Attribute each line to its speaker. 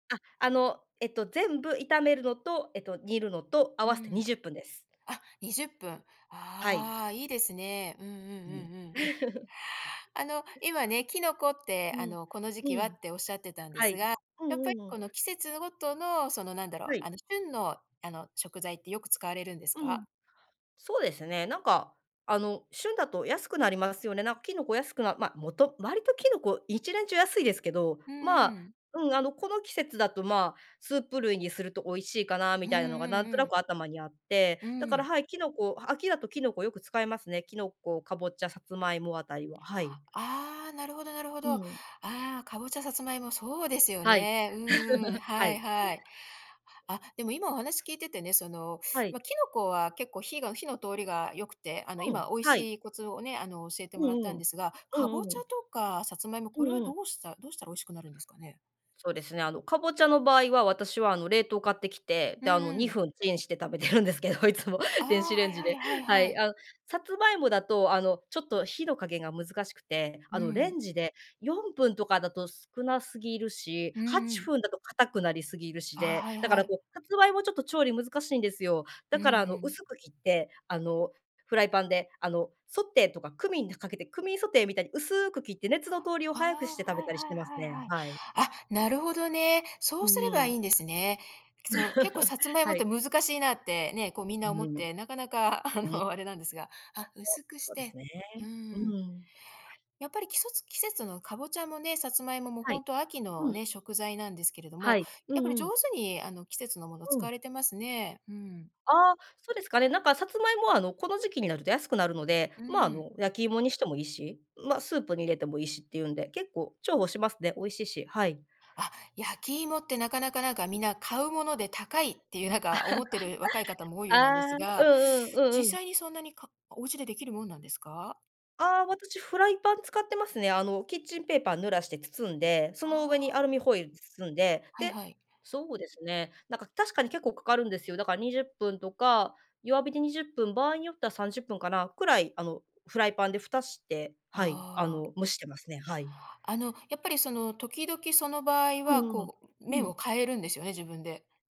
Speaker 1: あ、あの、えっと、全部炒めるのと、えっと、煮るのと合
Speaker 2: う
Speaker 1: わせてに
Speaker 2: ん。
Speaker 1: じゅっぷんです。
Speaker 2: あ、20分。
Speaker 1: はい。
Speaker 2: ああ、いいですね。うんうん
Speaker 1: うん。
Speaker 2: うんうん。
Speaker 1: はい。
Speaker 2: あの、今ね、キノコって、
Speaker 1: う
Speaker 2: あ
Speaker 1: ん、
Speaker 2: の、この時
Speaker 1: う
Speaker 2: 期は
Speaker 1: ん。
Speaker 2: っておっしゃってたんで
Speaker 1: は
Speaker 2: す
Speaker 1: い。
Speaker 2: が、
Speaker 1: うん
Speaker 2: やっぱ
Speaker 1: う
Speaker 2: り
Speaker 1: んう
Speaker 2: こ
Speaker 1: ん。
Speaker 2: の季節ごとの、その、なんだろう、
Speaker 1: はい。
Speaker 2: あの、旬の、あの、食材ってよく使われるんです
Speaker 1: うん、
Speaker 2: か？
Speaker 1: そうですね。なんか、あの、旬だと安くなりますよね。なん、キノコ安くなま、もと割とキノコ一年中安いですけど、
Speaker 2: う
Speaker 1: ま
Speaker 2: ん
Speaker 1: あ、
Speaker 2: うん。
Speaker 1: うん、あの、この季節だと、ま、スープ類にすると美味しいかなみ
Speaker 2: うん
Speaker 1: たいなのが
Speaker 2: う
Speaker 1: なんと
Speaker 2: んう
Speaker 1: な
Speaker 2: ん。
Speaker 1: く頭にあって、
Speaker 2: う
Speaker 1: だから、
Speaker 2: ん。
Speaker 1: はい、キノコ秋だとキノコよく使いますね。キノコ、かぼちゃ、さつまいもあたりは、はい。
Speaker 2: ああ、なるほどなるほ
Speaker 1: う
Speaker 2: ど。あ
Speaker 1: ん。
Speaker 2: あ、かぼちゃ、さつまいも、そうですよ
Speaker 1: はい。
Speaker 2: ね。うんうん、
Speaker 1: は
Speaker 2: はい
Speaker 1: い。
Speaker 2: はい。あ、でも今お話聞いててね、その、
Speaker 1: はい。
Speaker 2: ま、キノコは結構火が火の通りが良くて、あの、
Speaker 1: うん。
Speaker 2: 今美味
Speaker 1: はい。
Speaker 2: しいコツをね、あの、教えて
Speaker 1: う
Speaker 2: もらった
Speaker 1: んう
Speaker 2: んで
Speaker 1: ん。
Speaker 2: すが、
Speaker 1: う
Speaker 2: かぼ
Speaker 1: ん
Speaker 2: ち
Speaker 1: う
Speaker 2: ゃ
Speaker 1: ん。
Speaker 2: とかさつまいも、
Speaker 1: う
Speaker 2: こ
Speaker 1: ん
Speaker 2: れは
Speaker 1: う
Speaker 2: ど
Speaker 1: ん。
Speaker 2: うしたどうしたら美味しくなるんですかね？
Speaker 1: そうですね、あの、かぼちゃの場合は私は、あの、冷凍買ってきて、
Speaker 2: う
Speaker 1: で、あの、
Speaker 2: んう
Speaker 1: に
Speaker 2: ん。
Speaker 1: ふんチンして食べてるんですけど、いつも、
Speaker 2: あ
Speaker 1: 電
Speaker 2: あ、
Speaker 1: 子
Speaker 2: は
Speaker 1: レン
Speaker 2: い
Speaker 1: ジ
Speaker 2: はい
Speaker 1: で。
Speaker 2: はい
Speaker 1: は
Speaker 2: は
Speaker 1: い。
Speaker 2: い。
Speaker 1: あの、さつまいもだと、あの、ちょっと火の加減が難しくて、
Speaker 2: う
Speaker 1: あの、レ
Speaker 2: ん。
Speaker 1: ンジで4分とかだと少なすぎるし、
Speaker 2: うん
Speaker 1: は
Speaker 2: う
Speaker 1: ち
Speaker 2: ん。
Speaker 1: ふんだと硬くなりすぎるし
Speaker 2: あ
Speaker 1: で、
Speaker 2: あ、はい
Speaker 1: だか
Speaker 2: は
Speaker 1: ら、
Speaker 2: い。
Speaker 1: こう、さつまいもちょっと調理難しいんですよ。
Speaker 2: う
Speaker 1: だ
Speaker 2: ー
Speaker 1: から、あの、
Speaker 2: ん。
Speaker 1: 薄く切って、あの、フライパンで、あの、ソテーとかクミンかけてクミンソテーみたいに薄く切って熱の通りを
Speaker 2: あ
Speaker 1: 早くして
Speaker 2: あ、
Speaker 1: 食
Speaker 2: は
Speaker 1: べ
Speaker 2: い
Speaker 1: たりし
Speaker 2: はい
Speaker 1: てます
Speaker 2: はい
Speaker 1: ね、
Speaker 2: はい。
Speaker 1: はい。
Speaker 2: あ、なるほどね。そ
Speaker 1: う
Speaker 2: うすれば
Speaker 1: ー
Speaker 2: い
Speaker 1: ん。
Speaker 2: いんですね。そう、結構 さつまいも
Speaker 1: は
Speaker 2: って
Speaker 1: い。
Speaker 2: 難しいなって、ね、こう、みんな思っ
Speaker 1: [unintelligible]
Speaker 2: て、なかなか、あの、あ
Speaker 1: そ
Speaker 2: れなんですが、あ、薄くし
Speaker 1: うです
Speaker 2: て
Speaker 1: ね、
Speaker 2: うー
Speaker 1: う
Speaker 2: ん。
Speaker 1: ーん。
Speaker 2: やっぱり季そつ季節のかぼちゃもね、さつまいもも、
Speaker 1: は
Speaker 2: ほ
Speaker 1: い。
Speaker 2: んと秋
Speaker 1: う
Speaker 2: の
Speaker 1: ん。
Speaker 2: ね、食材なんですけれど
Speaker 1: は
Speaker 2: も、
Speaker 1: い。う
Speaker 2: やっぱり
Speaker 1: んう
Speaker 2: 上
Speaker 1: ん。
Speaker 2: 手に、あの、季節のもの
Speaker 1: う
Speaker 2: 使
Speaker 1: ん。
Speaker 2: われてますね。うん。
Speaker 1: ああ、そうですかね、なんか、さつまいもは、あの、この時期になると安くなるので、
Speaker 2: うー
Speaker 1: ま、あ
Speaker 2: ん。
Speaker 1: の、焼き芋にしてもいいし、ま、スープに入れてもいいしっていうんで、結構重宝しますね。美味しいし。はい。
Speaker 2: あ、焼き芋って、なかなか、なんか、みんな買うもので高いっていう、なんか、思ってる若い方 も多いよ
Speaker 1: あ
Speaker 2: うなんで
Speaker 1: あ、
Speaker 2: す
Speaker 1: う
Speaker 2: が、
Speaker 1: んうん、う
Speaker 2: 実
Speaker 1: んうん。
Speaker 2: 際にそんなにかお家でできるもんなんですか？
Speaker 1: ああ、私フライパン使ってますね。あの、キッチンペーパー濡らして包んで、その上にア
Speaker 2: ああ。
Speaker 1: ルミホイル包んで、
Speaker 2: はい
Speaker 1: で、
Speaker 2: はい。
Speaker 1: そうですね、なんか、確かに結構かかるんですよ。だから20分とか、弱火で20分、場合によっては30分かな、くらい、あの、フライパンでふたして、はい、あ
Speaker 2: ああ。
Speaker 1: の、蒸してますね、はい。
Speaker 2: あの、そのやっぱり、その、時々その場合
Speaker 1: う
Speaker 2: は、
Speaker 1: んうん。
Speaker 2: こう、面
Speaker 1: うん。
Speaker 2: を変えるんですよね、自分で。